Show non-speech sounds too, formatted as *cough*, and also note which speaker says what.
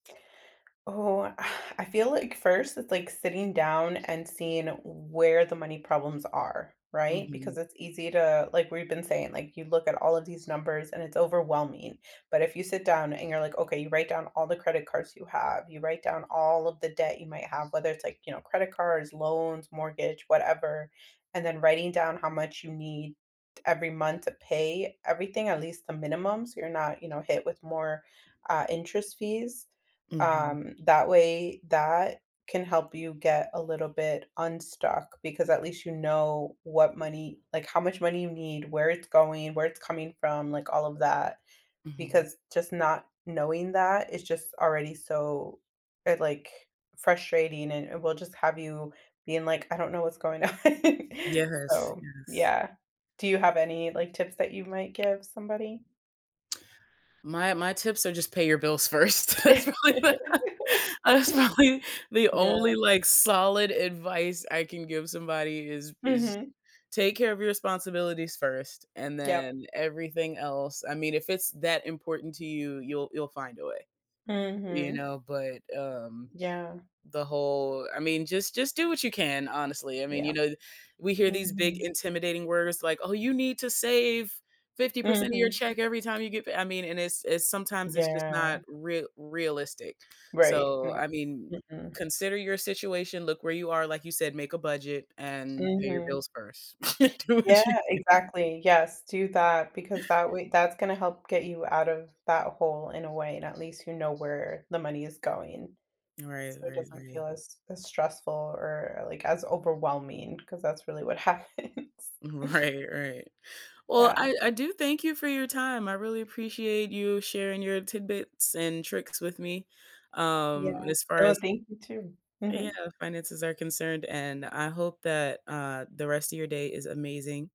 Speaker 1: Oh, *exhales* I feel like first, it's like sitting down and seeing where the money problems are, right? Because
Speaker 2: Mhm.
Speaker 1: it's easy to like, we've been saying, like, you look at all of these numbers and it's overwhelming. But if you sit down and you're like, "Okay." You write down all the credit cards you have. You write down all of the debt you might have, whether it's, like, you know, credit cards, loans, mortgage, whatever, and then writing down how much you need every month to pay everything, at least the minimum, so you're not, you know, hit with more, uh, interest fees,
Speaker 2: Mhm.
Speaker 1: um, that way, that can help you get a little bit unstuck because at least you know what money like, how much money you need, where it's going, where it's coming from, like, all of that,
Speaker 2: Mhm.
Speaker 1: because just not knowing that is just already so, uh, like, frustrating, and it will just have you being, like, "I don't know what's going on.
Speaker 2: Yes,
Speaker 1: “So,
Speaker 2: yes.
Speaker 1: yeah, do you have any, like, tips that you might give somebody?
Speaker 2: My My tips are just pay your bills first. That's probably the
Speaker 1: *laughs*
Speaker 2: That is probably the only,
Speaker 1: Yeah.
Speaker 2: like, solid advice I can give somebody is is
Speaker 1: Mhm.
Speaker 2: take care of your responsibilities 1st and
Speaker 1: Yep.
Speaker 2: then everything else. I mean, if it's that important to you, you'll you'll find a way. You
Speaker 1: Mhm.
Speaker 2: know, but, um
Speaker 1: Yeah.
Speaker 2: the whole I mean, just just do what you can, honestly. I mean, you
Speaker 1: Yep.
Speaker 2: know the we hear these big
Speaker 1: Mhm.
Speaker 2: intimidating words like, "Oh, you need to save 50% of your
Speaker 1: Mhm.
Speaker 2: check every time you get p" I mean, and it's it's sometimes it's just
Speaker 1: Yeah.
Speaker 2: not real realistic.
Speaker 1: Right, yeah.
Speaker 2: So, I mean,
Speaker 1: Mm-mm.
Speaker 2: consider your situation, look where you are, like you said, make a budget and pay your
Speaker 1: Mhm.
Speaker 2: bills first. *laughs* Do what you
Speaker 1: Yeah,
Speaker 2: can.
Speaker 1: exactly, yes. Do that because that way that's gonna help get you out of that hole in a way, and at least you know where the money is going.
Speaker 2: Right,
Speaker 1: So, it
Speaker 2: right,
Speaker 1: doesn't
Speaker 2: right.
Speaker 1: feel as as stressful or, like, as overwhelming 'cause that's really what happens.
Speaker 2: Mm, right, right. Well,
Speaker 1: Yeah.
Speaker 2: I I do thank you for your time. I really appreciate you sharing your tidbits and tricks with me, um,
Speaker 1: Yeah.
Speaker 2: as far
Speaker 1: Oh,
Speaker 2: as
Speaker 1: thank you too.
Speaker 2: Yeah,
Speaker 1: Mhm.
Speaker 2: finances are concerned, and I hope that, uh, the rest of your day is amazing.